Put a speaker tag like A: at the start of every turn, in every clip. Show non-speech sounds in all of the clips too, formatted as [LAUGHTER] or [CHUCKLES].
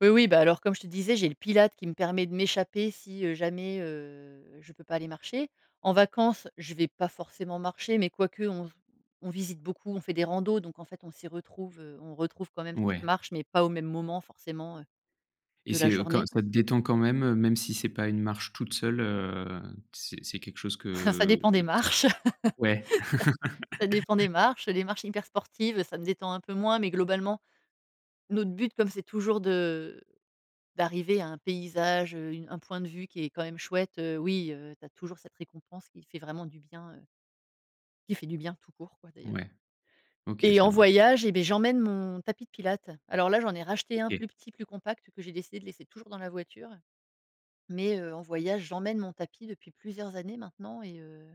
A: Oui, oui, bah alors comme je te disais, j'ai le pilates qui me permet de m'échapper si, heu, jamais, heu, je peux pas aller marcher. En vacances, je vais pas forcément marcher, mais quoique on v on visite beaucoup, on fait des randos, donc en fait, on s'y retrouve, heu, on retrouve quand même cette
B: Ouais.
A: marche, mais pas au même moment forcément, heu,
B: Et
A: de la
B: c'est, heu, quand
A: journée.
B: ça te détend quand même, heu, même si c'est pas une marche toute seule, heu, c'est c'est quelque chose
A: [CHUCKLES] Ça
B: que,
A: dépend
B: heu,
A: des
B: c
A: marches!
B: ouais.
A: Ça dépend des
B: [CHUCKLES]
A: marches, heu, des marches hyper sportives, heu, ça me détend un peu moins, mais globalement, notre but, comme c'est toujours de, heu, d'arriver à un paysage, heu, une un point de vue qui est quand même chouette, heu, oui, heu, tu as toujours cette récompense qui fait vraiment du bien, heu qui fait du bien, tout court, quoi, d'ailleurs.
B: Ouais. OK,
A: Et
B: ça
A: en
B: marche.
A: voyage, eh beh j'emmène mon tapis de pilates. Alors là, j'en ai racheté un
B: OK.
A: plus petit, plus compact, que j'ai décidé de laisser toujours dans la voiture. Mais, heu, en voyage, j'emmène mon tapis depuis plusieurs années maintenant, et heu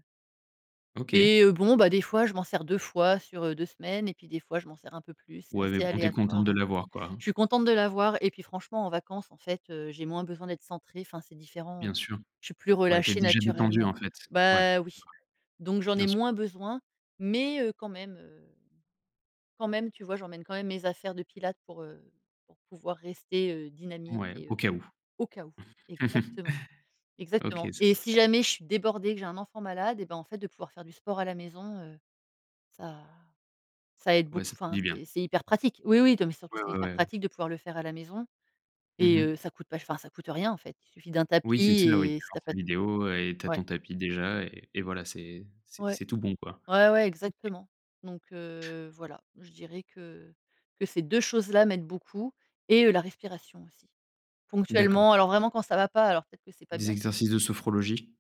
B: OK.
A: et heu, bon, bah des fois, je m'en sers 2 fois sur, heu, 2 semaines et puis des fois, je m'en sers un peu plus, c'est
B: Ouais mais
A: assez
B: bon, tu es contente
A: aléatoire,
B: de
A: ouais.
B: l'avoir, quoi, hein.
A: Je suis contente de l'avoir et puis franchement, en vacances, en fait, heu, j'ai moins besoin d'être centrée, enfin, c'est différent, heu.
B: Bien sûr,
A: Je suis plus
B: ouais tu es
A: relâchée
B: déjà détendue
A: naturellement.
B: en fait. Ouais, ouais
A: Bah oui! Donc j'en
B: bien
A: ai
B: sûr.
A: moins besoin, mais, heu, quand même, heu, quand même, tu vois? J'emmène quand même mes affaires de pilates pour, heu, pour pouvoir rester, heu, dynamique
B: Ouais,
A: et
B: au
A: heu,
B: cas où.
A: au cas où. Exactement.
B: [CHUCKLES] OK
A: Exactement.
B: c'est
A: Et
B: bien.
A: si jamais je suis débordée, que j'ai un enfant malade, eh ben en fait de pouvoir faire du sport à la maison, heu, ça ça aide
B: Ouais, ça
A: beaucoup,
B: fait
A: enfin
B: du bien.
A: c'est c'est hyper pratique oui oui, non mais surtout
B: Ouais,
A: c'est
B: ouais,
A: hyper
B: ouais.
A: pratique de pouvoir le faire à la maison.
B: Mmh
A: Et
B: mh.
A: heu, ça coûte pas ch enfin ça coûte rien en fait. Il suffit d'un
B: Oui
A: tapis
B: c'est sûr, oui. Tu
A: et si tu
B: lances
A: as
B: ta
A: pas de
B: vidéo, et tu as
A: Ouais.
B: ton tapis déjà et et voilà, c'est c'est
A: Ouais.
B: c'est tout bon, quoi.
A: Ouais ouais,
B: OK.
A: exactement. Donc, heu, voilà, je dirais que que ces 2 choses-là m'aident beaucoup et heu, la respiration aussi.
B: D'accord.
A: Ponctuellement, alors vraiment quand ça va pas, alors peut-être que c'est pas
B: Des
A: bien. [UNINTELLIGIBLE]
B: exercices de sophrologie?